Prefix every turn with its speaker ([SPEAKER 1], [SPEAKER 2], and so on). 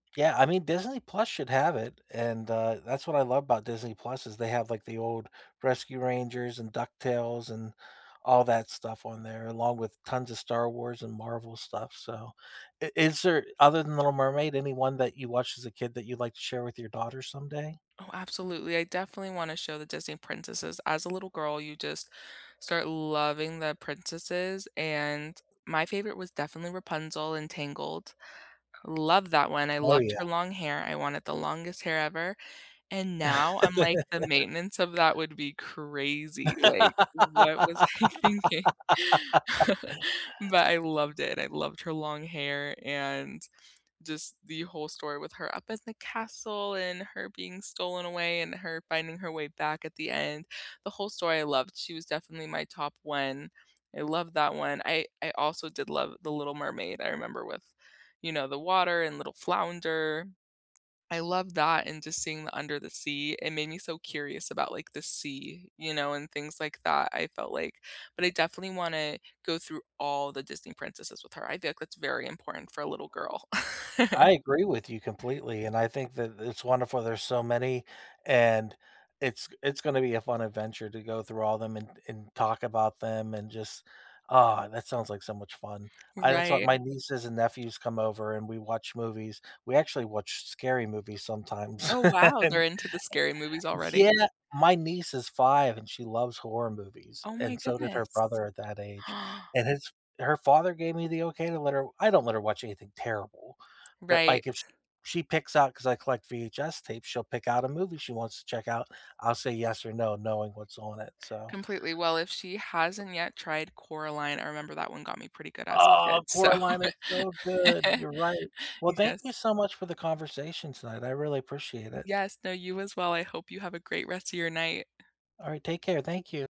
[SPEAKER 1] Yeah, I mean, Disney Plus should have it, and, uh, that's what I love about Disney Plus is they have, like, the old Rescue Rangers and Duck Tales and all that stuff on there along with tons of Star Wars and Marvel stuff, so, i is there other than Little Mermaid, anyone that you watched as a kid that you'd like to share with your daughter someday?
[SPEAKER 2] Oh, absolutely, I definitely want to show the Disney princesses. As a little girl, you just start loving the princesses, and my favorite was definitely Rapunzel in Tangled, love that one, I
[SPEAKER 1] Oh,
[SPEAKER 2] loved her
[SPEAKER 1] yeah.
[SPEAKER 2] long hair, I wanted the longest hair ever, and now I'm like, "The maintenance of that would be crazy," like, what was I thinking? But I loved it, I loved her long hair and just the whole story with her up in the castle and her being stolen away and her finding her way back at the end. The whole story I loved, she was definitely my top 1, I love that one. I I also did love The Little Mermaid, I remember with you know, the water and little Flounder, I love that and just seeing the under the sea, it made me so curious about, like, the sea, you know, and things like that, I felt like but I definitely wanna go through all the Disney princesses with her, I feel like that's very important for a little girl.
[SPEAKER 1] I agree with you completely, and I think that it's wonderful there's so many, and it's it's gonna be a fun adventure to go through all of them and and talk about them and just ah, that sounds like so much fun. I that's what
[SPEAKER 2] Right.
[SPEAKER 1] my nieces and nephews come over and we watch movies, we actually watch scary movies sometimes
[SPEAKER 2] Oh, wow, they're
[SPEAKER 1] and
[SPEAKER 2] into the scary movies already?
[SPEAKER 1] Yeah, my niece is 5 and she loves horror movies,
[SPEAKER 2] Oh my
[SPEAKER 1] and so did her
[SPEAKER 2] goodness.
[SPEAKER 1] brother at that age, and his her father gave me the okay to let her I don't let her watch anything terrible, but,
[SPEAKER 2] Right.
[SPEAKER 1] like, if sh she picks out 'cause I collect VHS tapes, she'll pick out a movie she wants to check out, I'll say yes or no, knowing what's on it, so
[SPEAKER 2] Completely, well, if she hasn't yet tried Coraline, I remember that one got me pretty good as a
[SPEAKER 1] Oh,
[SPEAKER 2] kid, so
[SPEAKER 1] Coraline is so good, you're right. Well, thank
[SPEAKER 2] yes.
[SPEAKER 1] you so much for the conversation tonight, I really appreciate
[SPEAKER 2] Y
[SPEAKER 1] it.
[SPEAKER 2] yes, no, you as well, I hope you have a great rest of your night.
[SPEAKER 1] All right, take care, thank you.